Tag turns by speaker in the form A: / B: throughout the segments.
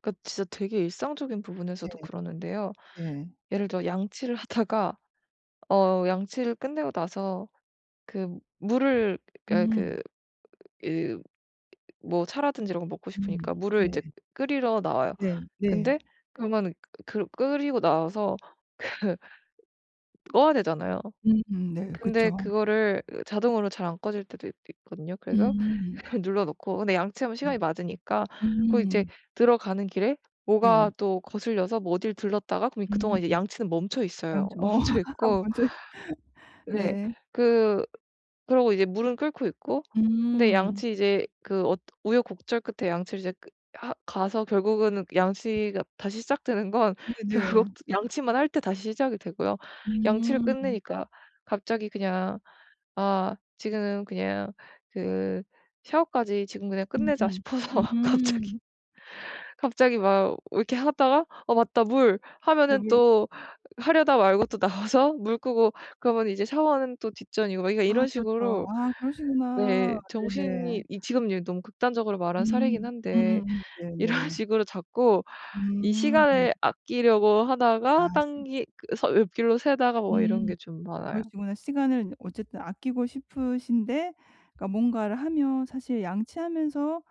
A: 그 진짜 되게 일상적인 부분에서도
B: 네.
A: 그러는데요.
B: 네.
A: 예를 들어 양치를 하다가 어 양치를 끝내고 나서 그 물을 아
B: 음.
A: 그 그 뭐 차라든지 이런 걸 먹고
B: 음.
A: 싶으니까 물을
B: 네.
A: 이제 끓이러 나와요.
B: 네. 네.
A: 근데 그러면은 그 끓이고 나와서 그 꺼야 되잖아요.
B: 음 네
A: 근데
B: 그쵸.
A: 그거를 자동으로 잘 안 꺼질 때도 있 있거든요. 그래서
B: 음.
A: 그걸 눌러 놓고 근데 양치하면
B: 음.
A: 시간이 맞으니까 그리고 이제
B: 음.
A: 들어가는 길에 뭐가
B: 네.
A: 또 거슬려서 뭐 어딜 들렀다가 그럼 이
B: 음.
A: 그동안 이제 양치는 멈춰있어요.
B: 양치 어 함
A: 멈춰있고
B: 먼저 해.
A: 네.
B: 네.
A: 그 그러고 이제 물은 끓고 있고 근데
B: 음.
A: 양치 이제 그 어 우여곡절 끝에 양치를 이제 그 하 가서 결국은 양치가 다시 시작되는 건 결국
B: 네네.
A: 양치만 할 때 다시 시작이 되고요. 양치를
B: 음.
A: 끝내니까 갑자기 그냥 '아 지금은 그냥 그 샤워까지 지금 그냥 끝내자.'
B: 음음.
A: 싶어서 갑자기,
B: 음.
A: 갑자기 막 이렇게 하다가 '어 맞다 물.' 하면은
B: 배불
A: 또 하려다 말고 또 나와서 물 끄고 그러면 이제 샤워는 또 뒷전이고 막 그러니까
B: 아
A: 이런
B: 그렇죠.
A: 식으로
B: 아 그러시구나.
A: 네
B: 네네.
A: 정신이 이 지금 예 너무 극단적으로 말한 사례이긴
B: 음.
A: 한데
B: 음.
A: 이런
B: 네네.
A: 식으로 자꾸 이
B: 음.
A: 시간을 아끼려고
B: 아
A: 하다가
B: 시
A: 딴길 그래서 옆길로 새다가 뭐 이런 게
B: 음
A: 좀
B: 어
A: 많아요.
B: 그러시구나. 시간을 어쨌든 아끼고 싶으신데 그러니까 뭔가를 하면 사실 양치하면서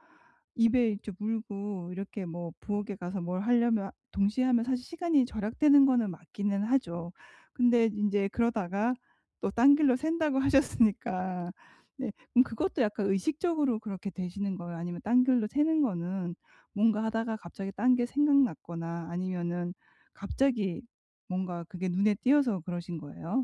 B: 입에 이제 물고 이렇게 뭐 부엌에 가서 뭘 하려면 동시에 하면 사실 시간이 절약되는 거는 맞기는 하죠. 근데 인제 그러다가 또 딴 길로 샌다고 하셨으니까. 네. 그럼 그것도 약간 의식적으로 그렇게 되시는 거예요? 아니면 딴 길로 새는 거는 뭔가 하다가 갑자기 딴 게 생각났거나 아니면은 갑자기 뭔가 그게 눈에 띄어서 그러신 거예요?